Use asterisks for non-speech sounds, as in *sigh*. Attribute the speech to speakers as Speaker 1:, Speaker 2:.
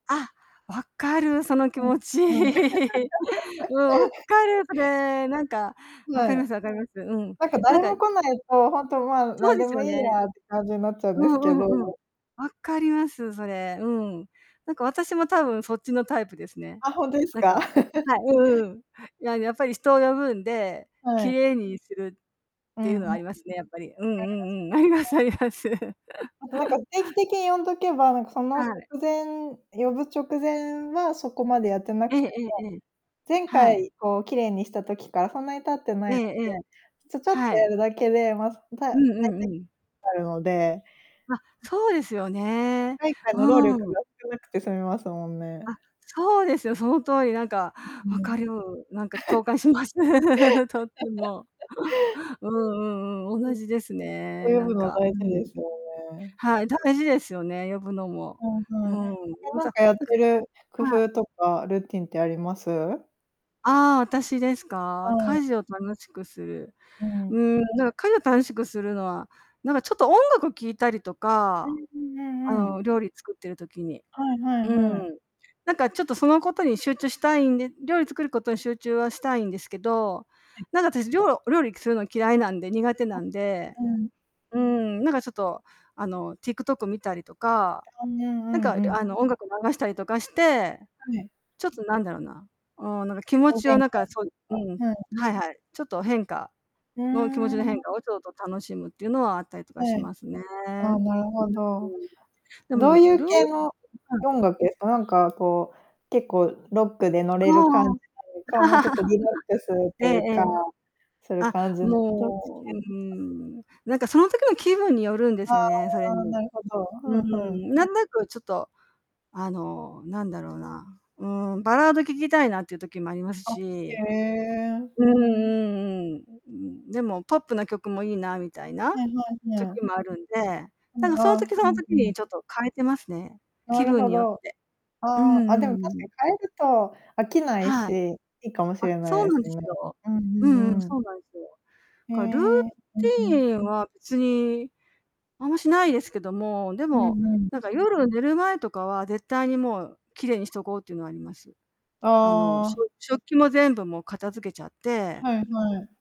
Speaker 1: あ、分かるその気
Speaker 2: うん、
Speaker 1: 持ち。
Speaker 2: うん。
Speaker 1: *laughs* うん、分
Speaker 2: *laughs*
Speaker 1: かる、それ。なんか
Speaker 2: ふ、
Speaker 1: 分
Speaker 2: わ
Speaker 1: かりま
Speaker 2: え。
Speaker 1: す分かります。うん、
Speaker 2: なんか
Speaker 1: なん
Speaker 2: 誰
Speaker 1: か、
Speaker 2: も
Speaker 1: い
Speaker 2: 来な
Speaker 1: *unintelligible*
Speaker 2: いと、ほんと、ま、
Speaker 1: そ
Speaker 2: な
Speaker 1: う
Speaker 2: ん
Speaker 1: で
Speaker 2: で
Speaker 1: す
Speaker 2: も
Speaker 1: よ
Speaker 2: いい
Speaker 1: ね。
Speaker 2: やって感じになっちゃうん
Speaker 1: う
Speaker 2: ですけ
Speaker 1: んうんうん。
Speaker 2: ど。
Speaker 1: 分かります、それ、うん。なんか私も多分そっちのタイプですね。
Speaker 2: あ、ほんとです
Speaker 1: なんか
Speaker 2: か？*laughs*
Speaker 1: はい、うんうん。はい、いや、やっぱり人を呼ぶんで、
Speaker 2: は
Speaker 1: 綺
Speaker 2: い。
Speaker 1: 麗にするっ
Speaker 2: う
Speaker 1: ていう
Speaker 2: んうん。
Speaker 1: のはありますね、やっぱり。うんうんうん、あります
Speaker 2: *unintelligible*
Speaker 1: あります。
Speaker 2: あと、なんか
Speaker 1: *chuckles*
Speaker 2: 定期的に呼んどけば、なんかそ
Speaker 1: は
Speaker 2: の直
Speaker 1: い。
Speaker 2: 前呼ぶ直前はそこまでやってな
Speaker 1: え
Speaker 2: く
Speaker 1: え
Speaker 2: ても
Speaker 1: ええええ。
Speaker 2: 前
Speaker 1: はい。
Speaker 2: 回、こう綺麗にした時からそんなに経ってない
Speaker 1: ええ
Speaker 2: ので、
Speaker 1: ええ、
Speaker 2: ちょちょっと
Speaker 1: は
Speaker 2: や
Speaker 1: い。
Speaker 2: るだけで、ま、そ、たうた
Speaker 1: う
Speaker 2: いて
Speaker 1: んうんうん。
Speaker 2: あるので、
Speaker 1: あ、
Speaker 2: うん。
Speaker 1: そうですよ
Speaker 2: 一
Speaker 1: ね。
Speaker 2: 回一回の労力
Speaker 1: うん。
Speaker 2: が少なくて済みますもんね。
Speaker 1: あ、そうですよ。その通り。なんか、
Speaker 2: うう
Speaker 1: 分
Speaker 2: ん。
Speaker 1: かる、なんか共感し
Speaker 2: *laughs*
Speaker 1: ます。*laughs* とっても。
Speaker 2: *laughs*
Speaker 1: うんうんうん、
Speaker 2: うん。
Speaker 1: 同
Speaker 2: と
Speaker 1: じですね、
Speaker 2: 呼
Speaker 1: な
Speaker 2: ぶ
Speaker 1: ん
Speaker 2: の
Speaker 1: か、
Speaker 2: 大
Speaker 1: うん
Speaker 2: 事
Speaker 1: う
Speaker 2: で
Speaker 1: ん。
Speaker 2: すよね。
Speaker 1: はい、大事ですよね、呼ぶのも。
Speaker 2: うん、
Speaker 1: う
Speaker 2: はい。
Speaker 1: ん。
Speaker 2: あと
Speaker 1: ま
Speaker 2: なん
Speaker 1: た、
Speaker 2: かやっ
Speaker 1: なんか
Speaker 2: てる工
Speaker 1: はい。
Speaker 2: 夫とかルーティンってあります？
Speaker 1: ああ、私です
Speaker 2: は
Speaker 1: か。家
Speaker 2: い。
Speaker 1: 事を楽しくする。
Speaker 2: う
Speaker 1: う
Speaker 2: ん。
Speaker 1: ん、なんか家事を楽しくするのは、なんかちょっと音楽を聞いたりと
Speaker 2: う
Speaker 1: か、
Speaker 2: んうんう
Speaker 1: あ
Speaker 2: んうん。
Speaker 1: の、料理作ってる時に。
Speaker 2: はいはい
Speaker 1: う
Speaker 2: は
Speaker 1: ん、
Speaker 2: い。
Speaker 1: なんかちょっとそのことに集中したいんで、料理作ることに集中はしたいんですけど、
Speaker 2: はい。
Speaker 1: なんかたしりょうお料理くするの嫌いなんで。苦手
Speaker 2: あ
Speaker 1: なんで。
Speaker 2: うん。
Speaker 1: うん、なんかちょっとあの、TikTok 見たりとか、
Speaker 2: おん、ぬん、う
Speaker 1: なん
Speaker 2: ん
Speaker 1: か
Speaker 2: うん。
Speaker 1: あの、音楽流したりとかして。
Speaker 2: はい。
Speaker 1: ちょっと、なんだろうな、うん、なんか気
Speaker 2: 気
Speaker 1: 持
Speaker 2: 分
Speaker 1: ち
Speaker 2: 転
Speaker 1: を
Speaker 2: 換っ
Speaker 1: なんか、そ
Speaker 2: て
Speaker 1: う
Speaker 2: いう
Speaker 1: う
Speaker 2: か、
Speaker 1: ん、
Speaker 2: ふん。
Speaker 1: はいはい、ちょっと変化
Speaker 2: ふー
Speaker 1: の気持ちの変化
Speaker 2: ん。
Speaker 1: をちょっと楽しむっていうのはあったりとかし
Speaker 2: はい。
Speaker 1: ますね。う
Speaker 2: ああ、
Speaker 1: ん。
Speaker 2: なるほど。
Speaker 1: で
Speaker 2: ど
Speaker 1: もル
Speaker 2: ういう
Speaker 1: ー
Speaker 2: 系の
Speaker 1: はい。
Speaker 2: 音楽？あ、なんかこう、結構ロックで乗
Speaker 1: あ
Speaker 2: れる感じ
Speaker 1: あ。
Speaker 2: なのか、もうちょっとリラックス
Speaker 1: *laughs*
Speaker 2: と
Speaker 1: ええ
Speaker 2: いう
Speaker 1: え
Speaker 2: か、
Speaker 1: え。
Speaker 2: する
Speaker 1: あ、
Speaker 2: 感じのどっち系？
Speaker 1: もう、う
Speaker 2: あ
Speaker 1: ん、なんかその時の気分によるんで
Speaker 2: あ
Speaker 1: すよね、それ
Speaker 2: あ、
Speaker 1: に。
Speaker 2: なるほど、ふ
Speaker 1: う
Speaker 2: んふん。
Speaker 1: ん、なんなくちょっと、あの、なんだろうな、うん、バラード聴きたいなっていう時もあります
Speaker 2: あ、へ
Speaker 1: し。
Speaker 2: え。
Speaker 1: うんうんうん。うん、でもポップな曲もいいなみたいな
Speaker 2: はいはい、へ
Speaker 1: 時
Speaker 2: あ。
Speaker 1: もあるんで、
Speaker 2: う
Speaker 1: なんか
Speaker 2: ん、
Speaker 1: その
Speaker 2: ああ、
Speaker 1: 時そ
Speaker 2: う
Speaker 1: の
Speaker 2: ん、ふ
Speaker 1: 時
Speaker 2: ん。
Speaker 1: にちょっと変えてますね、
Speaker 2: な
Speaker 1: 気
Speaker 2: る
Speaker 1: 分
Speaker 2: ほ
Speaker 1: によっ
Speaker 2: ど。
Speaker 1: て。う
Speaker 2: あ
Speaker 1: ん
Speaker 2: あ、あ、
Speaker 1: うん
Speaker 2: で
Speaker 1: う
Speaker 2: も確
Speaker 1: ん。
Speaker 2: かに変えると飽きない
Speaker 1: はい。
Speaker 2: し、いいかもし
Speaker 1: あ、
Speaker 2: れな
Speaker 1: そ
Speaker 2: い
Speaker 1: う
Speaker 2: で
Speaker 1: なん
Speaker 2: す
Speaker 1: で
Speaker 2: ね。
Speaker 1: すよ。
Speaker 2: うんう
Speaker 1: うんうん、
Speaker 2: んうん。
Speaker 1: そうなんすよ。
Speaker 2: へ
Speaker 1: かルー
Speaker 2: え、うんう
Speaker 1: テ
Speaker 2: ん。
Speaker 1: ィンは別に、あんましないですけども、で
Speaker 2: う
Speaker 1: も、
Speaker 2: んうん。
Speaker 1: なんか夜寝る前とかは絶対にもう綺麗にしとこうっていうのはあります。あの、
Speaker 2: あ
Speaker 1: し
Speaker 2: あ。
Speaker 1: ょ食器も全部もう片付けちゃって。
Speaker 2: はいはい。